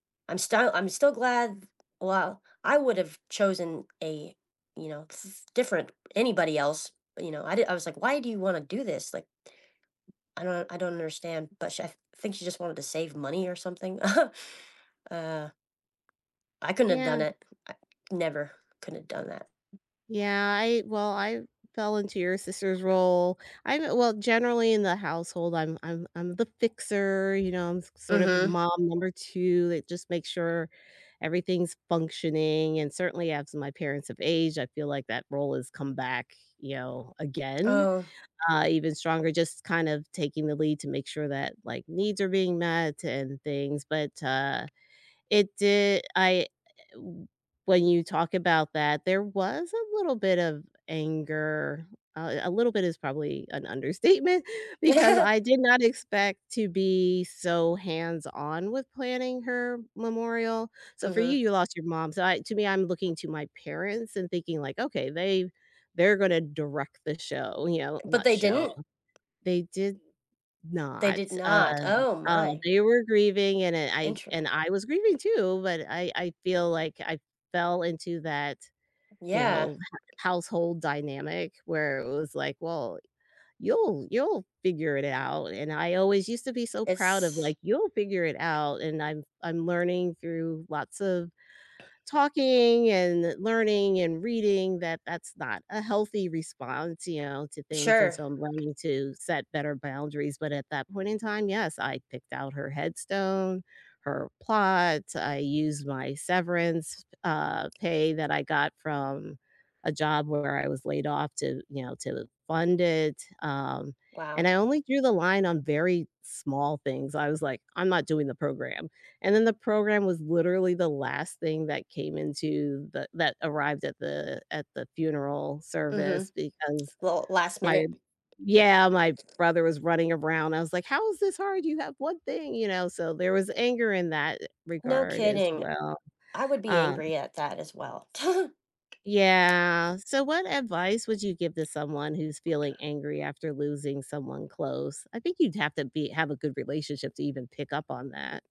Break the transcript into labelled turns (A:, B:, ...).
A: I'm star I'm still glad, well, I would've chosen a, you know, s different, anybody else. But, you know, I di I was like, "Why do you wanna do this?" Like I don't I don't understand. But sh I think she just wanted to save money or something. Uh I couldn't have
B: Yeah.
A: done it. I never couldn't have done that.
B: Yeah, I well, I fell into your sister's role. I'm a well, generally in the household, I'm I'm I'm the fixer, you know, I'm s sort of the
A: Mhm.
B: mom number 2 that just makes sure everything's functioning, and certainly as my parents have aged, I feel like that role has come back, you know, again,
A: Oh.
B: uh, even stronger, just kind of taking the lead to make sure that, like, needs are being met and things, but, uh, it did I w when you talk about that, there was a little bit of anger, uh, a little bit is probably an understatement, because I did not expect to be so hands-on with planning her memorial. So, for you,
A: Mhm.
B: you lost your mom, so I to me, I'm looking to my parents and thinking like, "Okay, they they're gonna direct the show," you know,
A: But
B: not
A: they
B: show.
A: didn't?
B: They did
A: They
B: not.
A: did
B: Uh,
A: not. Oh
B: um,
A: my.
B: they were grieving, and, uh, I
A: Intere
B: and I was grieving too, but I I feel like I fell into that, you
A: Yeah.
B: know, h household dynamic where it was like, "Well, you'll you'll figure it out," and I always used to be so proud of,
A: It's
B: like, "You'll figure it out," and I'm f I'm learning through lots of talking and learning and reading that that's not a healthy response, you know, to things, and
A: Sure.
B: so I'm learning to set better boundaries, but at that point in time, yes, I picked out her headstone, her plot, I used my severance, uh, pay that I got from a job where I was laid off to, you know, to fund it, um,
A: Wow.
B: and I only drew the line on very small things. I was like, "I'm not doing the program," and then the program was literally the last thing that came into the that arrived at the at the funeral
A: Mhm.
B: service because
A: Well, last
B: my
A: minute.
B: Yeah, my brother was running around. I was like, "How is this hard? You have 1 thing," you know, so there was anger in that
A: No
B: regard as
A: kidding.
B: well.
A: I would be
B: Um
A: angry at that as well.
B: Yeah. So, what advice would you give to someone who's feeling angry after losing someone close? I think you'd have to be have a good relationship to even pick up on that.